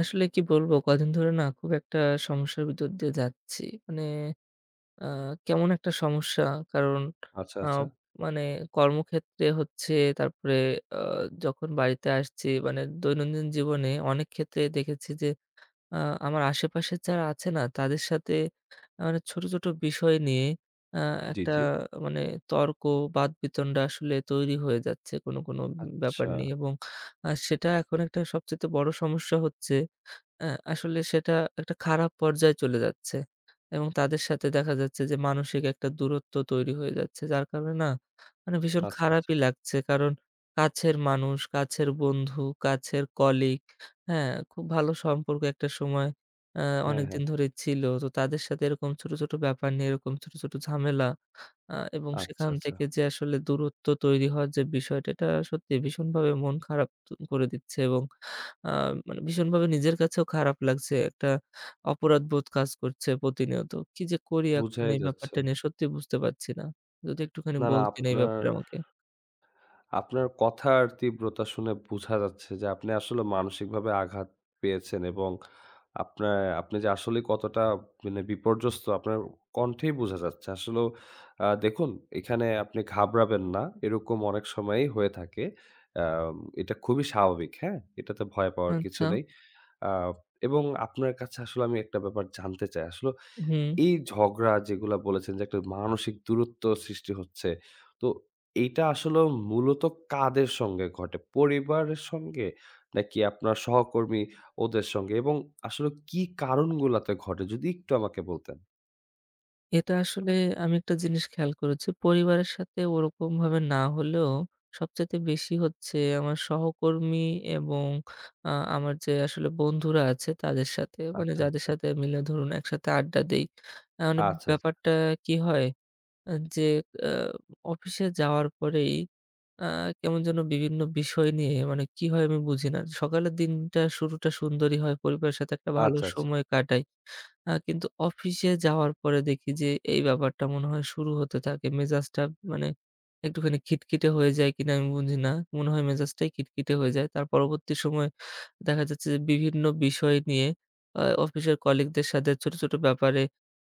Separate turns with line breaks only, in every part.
আসলে কি বলব? কয়দিন ধরে না খুব একটা সমস্যার ভিতর দিয়ে যাচ্ছি। মানে আ কেমন একটা সমস্যা কারণ
আচ্ছা,
আ
আচ্ছা।
মানে কর্মক্ষেত্রে হচ্ছে তারপরে আ যখন বাড়িতে আসছি মানে দৈনন্দিন জীবনে অনেক ক্ষেত্রে দেখেছি যে আ আমার আশেপাশে যারা আছে না তাদের সাথে মানে ছোট, ছোট, বিষয় নিয়ে আ
জি,
একটা
জি।
মানে তর্ক-বাদবিতন্ডা আসলে তৈরি হয়ে যাচ্ছে কোন, কোন ব্যাপার
আচ্ছা।
নিয়ে। এবং আ সেটা এখন একটা সবচাইতে বড় সমস্যা হচ্ছে। আ আসলে সেটা একটা খারাপ পর্যায়ে চলে যাচ্ছে এবং তাদের সাথে দেখা যাচ্ছে যে মানসিক একটা দূরত্ব তৈরি হয়ে যাচ্ছে। যার কারণে না মানে ভীষণ
আচ্ছা, আচ্ছা।
খারাপই লাগছে। কারণ কাছের মানুষ, কাছের বন্ধু, কাছের colleague, হ্যাঁ খুব ভালো সম্পর্ক একটা সময় এ্যা
হ্যাঁ, হ্যাঁ।
অনেকদিন ধরে ছিল। তো তাদের সাথে এরকম ছোট, ছোট, ব্যাপার নিয়ে এরকম ছোট, ছোট, ঝামেলা আ এবং
আচ্ছা,
সেখান
আচ্ছা।
থেকে যে আসলে দূরত্ব তৈরি হওয়ার যে বিষয়টা এটা সত্যি ভীষণভাবে মন খারাপ তো করে দিচ্ছে এবং আ মানে ভীষণভাবে নিজের কাছেও খারাপ লাগছে। একটা অপরাধবোধ কাজ করছে প্রতিনিয়ত। কি যে করি এখন
বুঝাই
এই
যাচ্ছে।
ব্যাপারটা নিয়ে সত্যি বুঝতে পারছি না। যদি একটুখানি
না, না
বলতেন এই
আপনার
ব্যাপারে আমাকে।
আপনার কথার তীব্রতা শুনে বোঝা যাচ্ছে যে আপনি আসলে মানসিকভাবে আঘাত পেয়েছেন। এবং আপনা আপনি যে আসলেই কতটা মানে বিপর্যস্ত আপনার কন্ঠেই বোঝা যাচ্ছে। আসলেও আ দেখুন এখানে আপনি ঘাবড়াবেন না। এরকম অনেক সময়ই হয়ে থাকে। আ এটা খুবই স্বাভাবিক, হ্যাঁ? এটাতে ভয় পাওয়ার কিছু
আচ্ছা।
নেই। আ এবং আপনার কাছে আসলেও আমি একটা ব্যাপার জানতে চাই। আসলে
হুম।
এই ঝগড়া যেগুলা বলেছেন যে একটা মানসিক দূরত্ব সৃষ্টি হচ্ছে। তো এইটা আসলে মূলত কাদের সঙ্গে ঘটে? পরিবারের সঙ্গে? নাকি আপনার সহকর্মী ওদের সঙ্গে? এবং আসলে কি কারণগুলোতে ঘটে যদি একটু আমাকে বলতেন?
এটা আসলে আমি একটা জিনিস খেয়াল করেছি, পরিবারের সাথে ওরকমভাবে না হলেও, সবচাইতে বেশি হচ্ছে, আমার সহকর্মী এবং আ আমার যে আসলে বন্ধুরা আছে তাদের সাথে মানে,
আচ্ছা,
যাদের
আচ্ছা।
সাথে মিলে ধরুন একসাথে আড্ডা দেই। আ মানে
আচ্ছা, আচ্ছা।
ব্যাপারটা কি হয়, এ্যা যে আ অফিসে যাওয়ার পরেই আ কেমন যেন বিভিন্ন বিষয় নিয়ে, মানে কি হয় আমি বুঝি না। সকালের দিনটা শুরুটা সুন্দরই হয়। পরিবারের সাথে একটা ভালো
আচ্ছা, আচ্ছা।
সময় কাটাই। আ কিন্তু অফিসে যাওয়ার পরে দেখি যে, এই ব্যাপারটা মনে হয় শুরু হতে থাকে। মেজাজটা মানে, একটুখানি খিটখিটে হয়ে যায় কিনা আমি বুঝি না মনে হয়, মেজাজটাই খিটখিটে হয়ে যায়। তার পরবর্তী সময়ে দেখা যাচ্ছে যে, বিভিন্ন বিষয় নিয়ে আ অফিসের কলিগদের সাথে ছোট, ছোট ব্যাপারে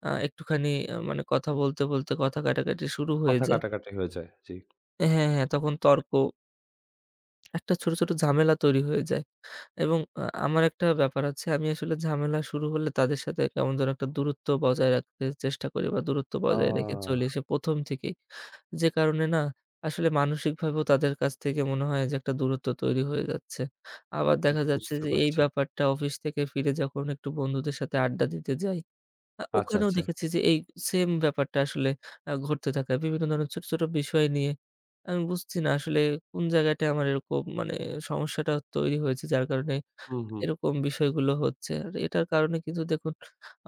আ একটুখানি এ্যা মানে কথা বলতে, বলতে কথা কাটাকাটি শুরু হয়ে
কথা
যায়।
কাটাকাটি হয়ে যায়, জ্বী।
হ্যা, হ্যাঁ, তখন তর্ক একটা ছোট, ছোট, ঝামেলা তৈরি হয়ে যায় এবং আ আমার একটা ব্যাপার আছে, আমি আসলে ঝামেলা শুরু হলে, তাদের সাথে কেমন যেন একটা দূরত্ব বজায় রাখতে চেষ্টা করি বা দূরত্ব বজায় রেখে চলে
আহ!
সে ১ম থেকেই। যে কারণে না, আসলে মানসিকভাবেও তাদের কাছ থেকে মনে হয় যে একটা দূরত্ব তৈরি হয়ে যাচ্ছে। আবার
বু
দেখা যাচ্ছে
বুঝতে
যে, এই
পারছি।
ব্যাপারটা অফিস থেকে ফিরে যখন একটু বন্ধুদের সাথে আড্ডা দিতে যাই, আ
আচ্ছা,
ওখানেও
আচ্ছা।
দেখেছি যে, এ সেইম ব্যাপারটা আসলে আ ঘটতে থাকে। বিভিন্ন ধরনের ছোট, ছোট বিষয় নিয়ে। আমি বুঝছি না আসলে কোনো জায়গাটায় আমার এরকম মানে সমস্যাটা তৈরি হয়েছে। যার কারণে
হুম, হুম।
এরকম বিষয়গুলো হচ্ছে। আর এটার কারণে কিন্তু দেখুন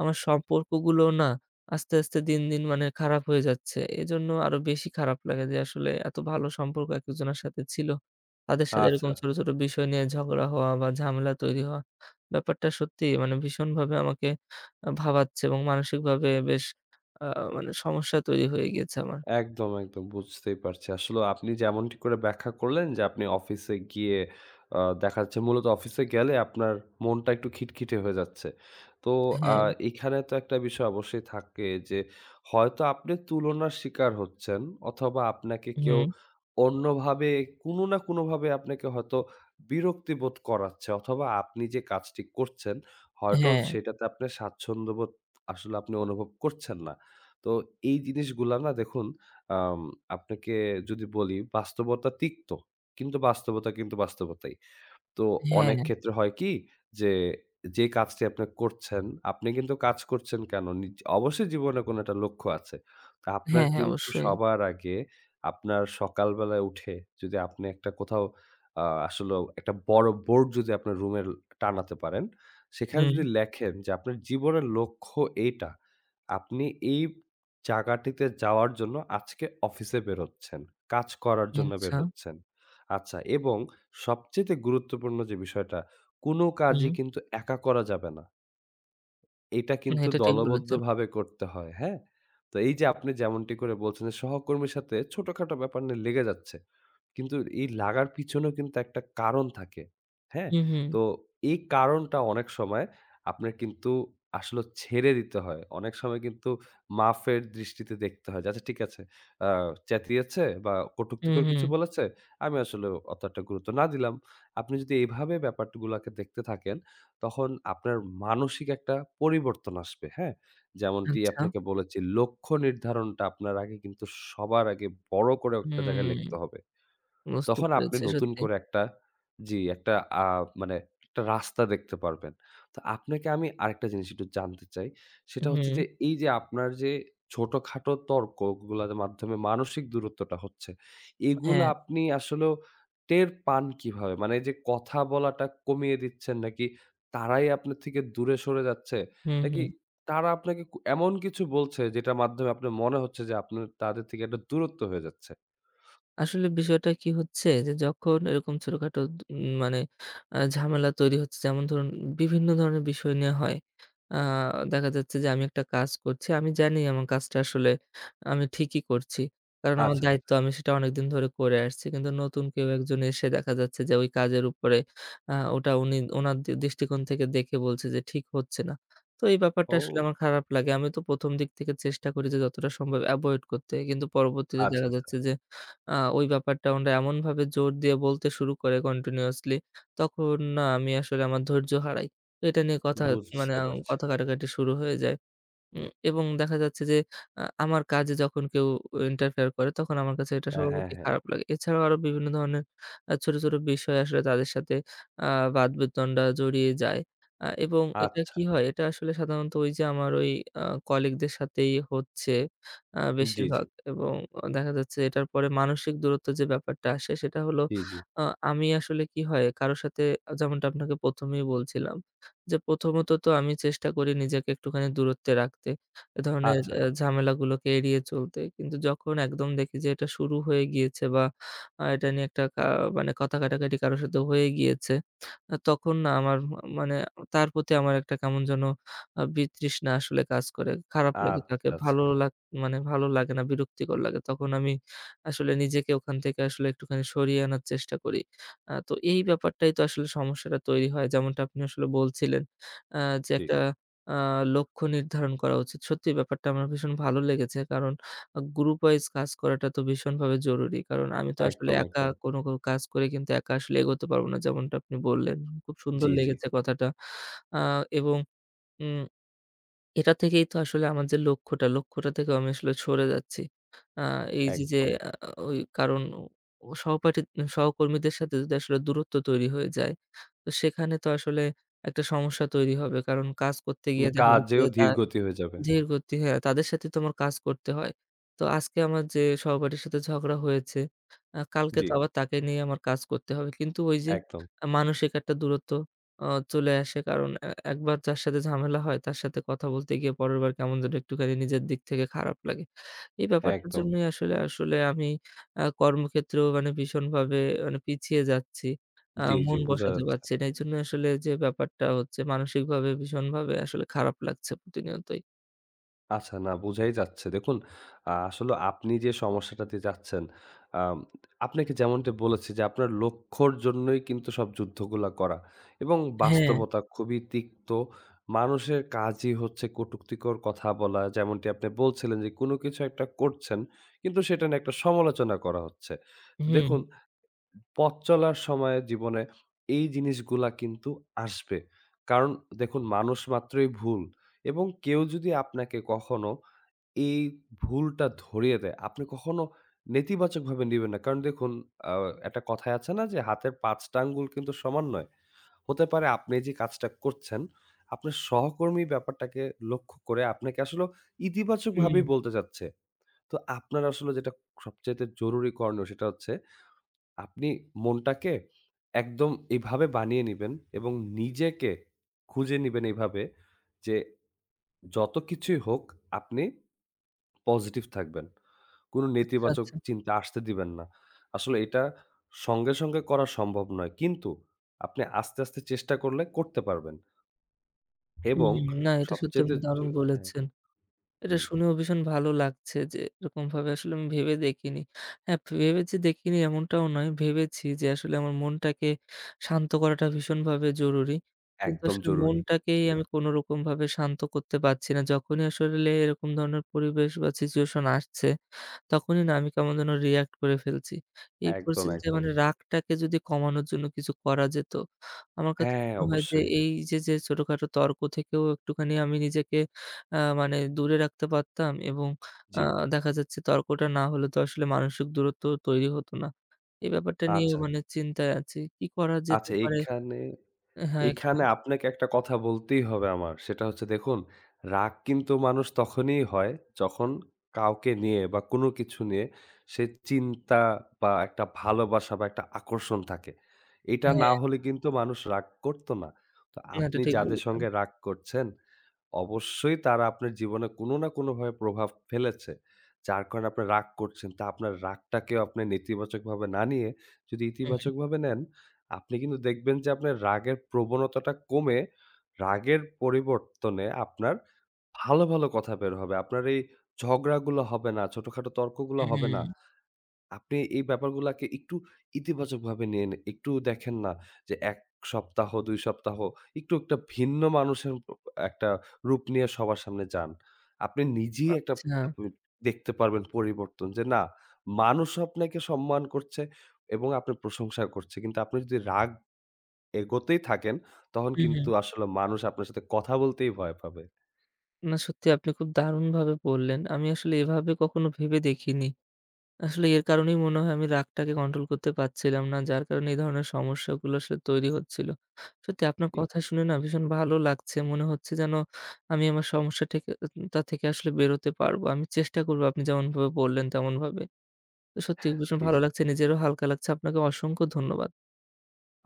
আমার সম্পর্কগুলোও না আস্তে, আস্তে দিন, দিন মানে খারাপ হয়ে যাচ্ছে। এজন্য আরও বেশি খারাপ লাগে যে, আসলে এত ভালো সম্পর্ক এক-একজনের সাথে ছিল। তাদের সাথে এরকম
আচ্ছা।
ছোট, ছোট বিষয় নিয়ে ঝগড়া হওয়া বা ঝামেলা তৈরি হওয়া ব্যাপারটা সত্যিই মানে ভীষণভাবে আমাকে আ ভাবাচ্ছে এবং মানসিকভাবে বেশ আ মানে সমস্যা তৈরি হয়ে গিয়েছে আমার।
একদম, একদম বুঝতেই পারছি। আসলেও আপনি যেমনটি করে ব্যাখ্যা করলেন যে, আপনি অফিসে গিয়ে আ দেখাচ্ছে মূলত অফিসে গেলে আপনার মনটা একটু খিটখিটে হয়ে যাচ্ছে। তো আ
হ্যাঁ।
এইখানে তো একটা বিষয় অবশ্যই থাকে যে, হয়তো আপনে তুলনার শিকার হচ্ছেন, অথবা আপনাকে কেউ
হুম।
অন্যভাবে কোনো না কোনো ভাবে আপনাকে হয়তো বিরক্তি বোধ করাচ্ছে অথবা আপনি যে কাজটি করছেন। হয়তো
হ্যা।
সেটাতে আপনে স্বাচ্ছন্দ্য বোধ আসলে আপনি অনুভব করছেন না। তো এই জিনিসগুলা না দেখুন, আম আপনাকে যদি বলি, বাস্তবতা তিক্ত, কিন্তু বাস্তবতা কিন্তু বাস্তবতাই। তো
হ্যাঁ।
অনেক ক্ষেত্রে হয় কি যে, যেই কাজটি আপনে করছেন, আপনে কিন্তু কাজ করছেন কেনো? নিজ অবশ্যই জীবনে কোনো একটা লক্ষ্য আছে। তো আপনার
হ্যাঁ। হ্যাঁ,
কিন্তু
অবশ্যই।
সবার আগে আপনার সকালবেলায় উঠে যদি আপনে একটা কোথাও আ আসলেও একটা বড় বোর্ড যদি আপনার রুমে টানাতে পারেন, সেখানে যদি
হুম।
লেখেন যে আপনার জীবনের লক্ষ্য এইটা। আপনি এই জায়গাটিতে যাওয়ার জন্য আজকে অফিসে বের হচ্ছেন, কাজ করার জন্য বের
আচ্ছা।
হচ্ছেন। আচ্ছা এবং সবচাইতে গুরুত্বপূর্ণ যে বিষয়টা, কোনো কাজই
হুম।
কিন্তু একা করা যাবে না। এটা
না,
কিন্তু
এটা ঠিক বলেছেন।
দলবদ্ধভাবে করতে হয়, হ্যাঁ? তো এই যে আপনি যেমনটি করে বলছেন যে, সহকর্মীর সাথে ছোটখাটো ব্যাপার নিয়ে লেগে যাচ্ছে। কিন্তু এই লাগার পিছনেও কিন্তু একটা কারণ থাকে, হ্যাঁ?
হুম, হুম।
তো এই কারণটা অনেক সময় আপনার কিন্তু আসলেও ছেড়ে দিতে হয়। অনেক সময় কিন্তু মাফের দৃষ্টিতে দেখতে হয়। যে আচ্ছা, ঠিক আছে আ চ্যাতিয়েছে বা
হুম,
কটুক্তিকর কিছু
হুম।
বলেছে। আমি আসলে অতটা গুরুত্ব না দিলাম। আপনি যদি এইভাবে ব্যাপারগুলোকে দেখতে থাকেন। তখন আপনার মানসিক একটা পরিবর্তন আসবে, হ্যাঁ? যেমনটি
আচ্ছা।
আপনাকে বলেছি, লক্ষ্য নির্ধারণটা আপনার আগে কিন্তু সবার আগে বড় করে একটা জায়গায়
হুম।
লিখতে হবে।
বুঝতে
তখন আপনি
পেরেছি
নতুন
সত্যিই।
করে একটা, জ্বী, একটা আ মানে একটা রাস্তা দেখতে পারবেন। তো আপনাকে আমি আরেকটা জিনিস একটু জানতে চাই। সেটা হচ্ছে যে
হুম।
এই যে আপনার যে ছোটখাটো তর্কগুলোর মাধ্যমে মানসিক দূরত্বটা হচ্ছে, এগুলা
হ্যাঁ।
আপনি আসলেও টের পান কিভাবে? মানে এই যে কথা বলাটা কমিয়ে দিচ্ছেন? নাকি তারাই আপনার থেকে দূরে সরে যাচ্ছে,
হুম,
নাকি
হুম।
তারা আপনাকে ক এমন কিছু বলছে যেটার মাধ্যমে আপনার মনে হচ্ছে যে, আপনার তাদের থেকে একটা দূরত্ব হয়ে যাচ্ছে?
আসলে বিষয়টা কি হচ্ছে যে, যখন এরকম ছোটখাটো দুউ মানে আ ঝামেলা তৈরি হচ্ছে, যেমন ধরুন বিভিন্ন ধরনের বিষয় নিয়ে হয় আ দেখা যাচ্ছে যে আমি একটা কাজ করছি। আমি জানি, আমার কাজটা আসলে আমি ঠিকই করছি। কারণ আমার
আচ্ছা, আচ্ছা।
দায়িত্ব, আমি সেটা অনেকদিন ধরে করে আসছি। কিন্তু নতুন কেউ একজন এসে দেখা যাচ্ছে যে, ওই কাজের উপরে আ ওটা উনি ওনার দৃষ্টিকোণ থেকে দেখে বলছে যে, ঠিক হচ্ছে না। তো, এই ব্যাপারটা আসলে
ও।
আমার খারাপ লাগে। আমি তো ১ম দিক থেকে চেষ্টা করি যে যতটা সম্ভব এভয়েড করতে। কিন্তু পরবর্তীতে
আচ্ছা,
দেখা
আচ্ছা।
যাচ্ছে যে, আ ওই ব্যাপারটা ওনারা এমনভাবে জোর দিয়ে বলতে শুরু করে কন্টিনিউয়াসলি, তখন না আমি আসলে আমার ধৈর্য হারাই। এটা নিয়ে কথা, মানে
বুঝতে পারছি।
কথা কাটাকাটি শুরু হয়ে যায়। উ এবং দেখা যাচ্ছে যে, আ আমার কাজে যখন কেউ ইন্টারফেয়ার করে, তখন আমার কাছে এটা
হ্যাঁ, হ্যাঁ,
স্বভাবতই
হ্যাঁ।
খারাপ লাগে। এছাড়াও আরও বিভিন্ন ধরনের আ ছোট, ছোট বিষয় আসলে তাদের সাথে আ বাদ-বিতন্ডা জড়িয়ে যায়, আ এবং এটা
আচ্ছা।
কি হয়? এটা আসলে সাধারণত ওই যে আমার ওই আ কলিগদের সাথেই হচ্ছে, আ
জ্বী, জ্বী।
বেশিরভাগ এবং অ দেখা যাচ্ছে এটার পরে মানসিক দূরত্ব যে ব্যাপারটা আসে সেটা হলো,
জ্বী, জ্বী।
আ আমি আসলে কি হয়? কারো সাথে এ্যা যেমনটা আপনাকে ১ম এই বলছিলাম যে, প্রথমত তো আমি চেষ্টা করি, নিজেকে একটুখানি দূরত্বে রাখতে, এ ধরনের
আচ্ছা।
এ ঝামেলাগুলোকে এড়িয়ে চলতে। কিন্তু যখন একদম দেখি যে, এটা শুরু হয়ে গিয়েছে বা আ এটা নিয়ে একটা কা মানে কথা কাটাকাটি কারো সাথে হয়ে গিয়েছে, আ তখন না আমার মা মানে তার প্রতি আমার একটা কেমন যেন আ বিতৃষ্ণা আসলে কাজ করে। খারাপ লাগে তাকে,
আচ্ছা,
ভালো
আচ্ছা।
লা মানে ভালো লাগে না, বিরক্তিকর লাগে। তখন আমি আসলে নিজেকে ওখান থেকে আসলে একটুখানি সরিয়ে আনার চেষ্টা করি। আ তো এই ব্যাপারটাই তো আসলে সমস্যাটা তৈরি হয়। যেমনটা আপনি আসলে বলছিলেন আ যে
জ্বী।
একটা আ লক্ষ্য নির্ধারণ করা উচিত। সত্যিই ব্যাপারটা আমার ভীষণ ভালো লেগেছে। কারণ গ্রুপ ওয়াইজ কাজ করাটা তো ভীষণভাবে জরুরি। কারণ আমি তো আসলে
একদম,
একা
একদম।
কোনো কো কাজ করে কিন্তু একা আসলে এগোতে পারব না। যেমনটা আপনি বললেন। খুব সুন্দর
জ্বী, জ্বী।
লেগেছে কথাটা। আ এবং উম এটা থেকেই তো আসলে আমার যে লক্ষ্যটা, লক্ষ্যটা থেকে আমি আসলে সরে যাচ্ছি। আ এইযে যে,
একদম।
আ ওই কারণ ও সহপাঠী সহকর্মীদের সাথে যদি আসলে দূরত্ব তৈরি হয়ে যায়, তো সেখানে তো আসলে একটা সমস্যা তৈরি হবে। কারণ কাজ করতে
না
গিয়ে দেখা যাচ্ছে
কাজেও
যে, তার
ধীরগতি হয়ে যাবে।
ধীরগতি, হ্যা। তাদের সাথেই তো আমার কাজ করতে হয়। তো আজকে আমার যে সহপাঠীর সাথে ঝগড়া হয়েছে, আ কালকে
জ্বী।
তো আবার তাকে নিয়ে আমার কাজ করতে হবে। কিন্তু ওই যে
একদম।
মানসিক একটা দূরত্ব আ চলে আসে। কারণ এ একবার যার সাথে ঝামেলা হয়, তার সাথে কথা বলতে গিয়ে পরের বার কেমন যেন একটুখানি নিজের দিক থেকে খারাপ লাগে। এই ব্যাপারটার
একদম।
জন্যই আসলে, আসলে আমি আ কর্মক্ষেত্রেও মানে ভীষণভাবে মানে পিছিয়ে যাচ্ছি। আ
জ্বী, জ্বী।
মন
বুঝা
বসাতে
যাচ্ছে।
পারছি না। এইজন্য আসলে যে ব্যাপারটা হচ্ছে মানসিকভাবে ভীষণভাবে আসলে খারাপ লাগছে প্রতিনিয়তই।
আচ্ছা, না বুঝাই যাচ্ছে। দেখুন, আ আসলে আপনি যে সমস্যাটা দিয়ে যাচ্ছেন, আম আপনাকে যেমনটি বলেছি যে আপনার লক্ষ্যের জন্যই কিন্তু সব যুদ্ধগুলা করা এবং
হ্যাঁ।
বাস্তবতা খুবই তিক্ত। মানুষের কাজই হচ্ছে কটুক্তিকর কথা বলা। যেমনটি আপনি বলছিলেন যে কোন কিছু একটা করছেন কিন্তু সেটা নিয়ে একটা সমালোচনা করা হচ্ছে। তো দেখুন,
হুম।
পথ চলার সময়ে জীবনে এই জিনিসগুলা কিন্তু আসবে। কারণ দেখুন মানুষমাত্রই ভুল এবং কেউ যদি আপনাকে কখনো এই ভুলটা ধরিয়ে দেয়, আপনি কখনো নেতিবাচকভাবে নিবেন না। কারণ দেখুন, আ একটা কথায় আছে না যে হাতের ৫ টা আঙ্গুল কিন্তু সমান নয়। হতে পারে আপনি যে কাজটা করছেন আপনার সহকর্মী ব্যাপারটাকে লক্ষ্য করে আপনাকে আসলে
হুম।
ইতিবাচকভাবেই বলতে চাচ্ছে। তো আপনার আসলে যেটা সবচাইতে জরুরি করনীয় সেটা হচ্ছে আপনি মনটাকে একদম এভাবে বানিয়ে নিবেন এবং নিজেকে খুঁজে নিবেন এভাবে যে, যত কিছুই হোক আপনি, positive থাকবেন। কোন
আচ্ছা,
নেতিবাচক
আচ্ছা।
চিন্তা আসতে দিবেন না। আসলে এটা সঙ্গে, সঙ্গে, করা সম্ভব নয়। কিন্তু আপনি আস্তে, আস্তে, চেষ্টা করলে করতে পারবেন। এবং
হুম, না এটা সত্যি
সবচাইতে
আপনি
জ
দারুণ
হ্যাঁ।
বলেছেন। এটা
হুম।
শুনেও ভীষণ ভালো লাগছে যে এরকমভাবে আসলে আমি ভেবে দেখিনি। হ্যাঁ, ভেবে যে দেখিনি এমনটাও নয়। ভেবেছি যে আসলে আমার মনটাকে শান্ত করাটা ভীষণভাবে জরুরি। কিন্তু
একদম
আসলে
জরুরি।
মনটাকেই
জি।
আমি কোনো রকমভাবে শান্ত করতে পারছি না। যখনই আসলে এরকম ধরনের পরিবেশ বা situation আসছে। তখনই না আমি কেমন যেন react করে ফেলছি। এই
একদম,
পরিস্থিতিতে
একদম।
মানে রাগটাকে যদি কমানোর জন্য কিছু করা যেত, আমার কাছে
হ্যাঁ,
মনে হয় যে
অবশ্যই।
এই যে, যে, ছোটখাটো তর্ক থেকেও একটুখানি আমি নিজেকে আ মানে দূরে রাখতে পারতাম এবং আ
জি।
দেখা যাচ্ছে তর্কটা না হলে তো আসলে মানসিক দূরত্বও তৈরি হতো না। এই ব্যাপারটা নিয়েও
আচ্ছা।
মানে চিন্তায় আছি কি করা যেতে
আচ্ছা,
পারে
এখানে
এ্যা হ্যাঁ এখানে
এখানে, আপনাকে একটা কথা বলতেই হবে আমার সেটা হচ্ছে দেখুন, রাগ কিন্তু মানুষ তখনই হয় যখন কাউকে নিয়ে বা কোন কিছু নিয়ে সে চিন্তা বা একটা ভালোবাসা বা একটা আকর্ষণ থাকে। এটা না
হ্যাঁ।
হলে কিন্তু মানুষ রাগ করত না। তো
না, এটা
আপনি
ঠিক
যাদের
বলেছেন।
সঙ্গে রাগ করছেন অবশ্যই তারা আপনার জীবনে কোন না কোনভাবে প্রভাব ফেলেছে। যার কারণে আপনি রাগ করছেন। তা আপনার রাগটাকেও আপনি নেতিবাচকভাবে না নিয়ে যদি
হুম, হুম।
ইতিবাচকভাবে নেন, আপনি কিন্তু দেখবেন যে আপনার রাগের প্রবণতাটা কমে রাগের পরিবর্তনে আপনার ভালো, ভালো, কথা বের হবে। আপনার এই ঝগড়াগুলো হবে না, ছোটখাটো তর্কগুলো
হুম,
হবে না।
হু।
আপনি এই ব্যাপারগুলোকে একটু ইতিবাচকভাবে নিয়ে নে একটু দেখেন না যে ১ সপ্তাহ হোক, ২ সপ্তাহ হোক একটু একটা ভিন্ন মানুষে ও উ একটা রূপ নিয়ে সবার সামনে যান। আপনি নিজেই একটা
আচ্ছা।
[unintelligible] দেখতে পারবেন পরিবর্তন। যে না মানুষ আপনাকে সম্মান করছে এবং আপনার প্রশংসা করছে। কিন্তু আপনি যদি রাগ এগতেই থাকেন তখন
হু,
কিন্তু
হু।
আসলে মানুষ আপনার সাথে কথা বলতেই ভয় পাবে।
না, সত্যি আপনি খুব দারুণভাবে বললেন। আমি আসলে এভাবে কখনো ভেবে দেখিনি। আসলে এর কারণেই মনে হয় আমি রাগটাকে control করতে পারছিলাম না। যার কারণে এই ধরনের সমস্যাগুলো আসলে তৈরি হচ্ছিল। সত্যি আপনার
জি।
কথা শুনে না ভীষণ ভালো লাগছে মনে হচ্ছে যেন আমি আমার সমস্যা ঠেকে তা থেকে আসলে বেরোতে পারব। আমি চেষ্টা করব আপনি যেমনভাবে বললেন তেমনভাবে। তো সত্যি ভীষণ
জি,
ভালো
জি।
লাগছে। নিজেরও হালকা লাগছে। আপনাকে অসংখ্য ধন্যবাদ।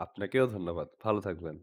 আপনাকেও ধন্যবাদ। ভালো থাকবেন।